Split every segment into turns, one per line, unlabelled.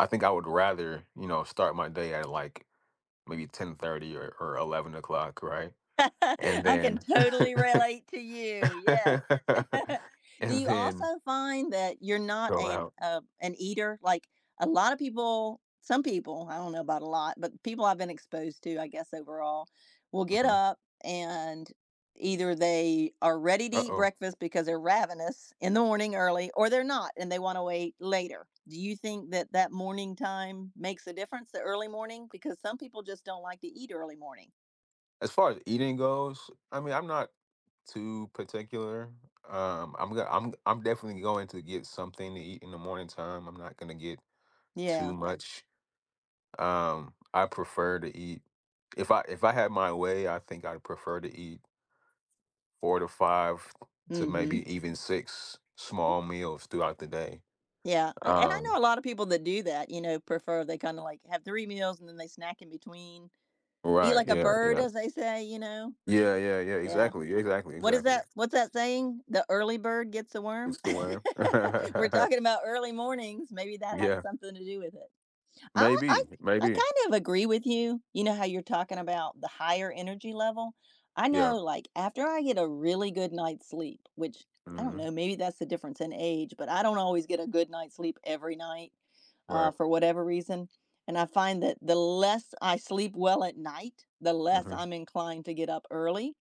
I think I would rather, you know, start my day at, like, maybe 10:30 or or 11 o'clock, right? And
I can
then
totally relate to you, yes. Do
and
you also
then
find that you're not
go
an,
out.
uh an eater? Like, a lotta people some people, I don't know about a lot, but people I've been exposed to, I guess overall, will get
Mhm.
up and either they are ready to eat
Uh-oh.
breakfast because they're ravenous in the morning early or they're not and they wanna wait later. Do you think that that morning time makes a difference, the early morning? Because some people just don't like to eat early morning.
As far as eating goes, I mean, I'm not too particular. Um, I'm g I'm I'm definitely going to get something to eat in the morning time, I'm not gonna get too
Yeah.
much. Um, I prefer to eat if I if I had my way, I think I'd prefer to eat 4 to 5 to
Mhm.
maybe even 6 small meals throughout the day.
Yeah, eh, and I
Um
know a lotta people that do that, you know, prefer they kind of, like, have 3 meals and then they snack in between. Eat
Right,
like a
yeah,
bird,
yeah.
as they say, you know?
Yeah, yeah, yeah,
Yeah.
exactly, exactly,
What is
exactly.
that what's that saying? The early bird gets the worm?
Eats the worm?
We're talking about early mornings, maybe that has
Yeah.
something to do with it. I w I
Maybe,
I
maybe.
kind of agree with you. You know how you're talking about the higher energy level? I
Yeah.
know, like, after I get a really good night's sleep, which I don't
Mhm.
know, maybe that's the difference in age, but I don't always get a good night's sleep every night, uh,
Right.
for whatever reason, and I find that the less I sleep well at night, the less
Mhm.
I'm inclined to get up early,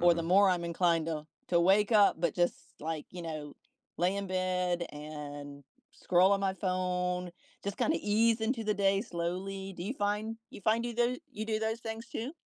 or the more I'm inclined to to wake up, but just, like, you know, lay in bed and scroll on my phone, just kind of ease into the day slowly. Do you find you find you tho you do those things too?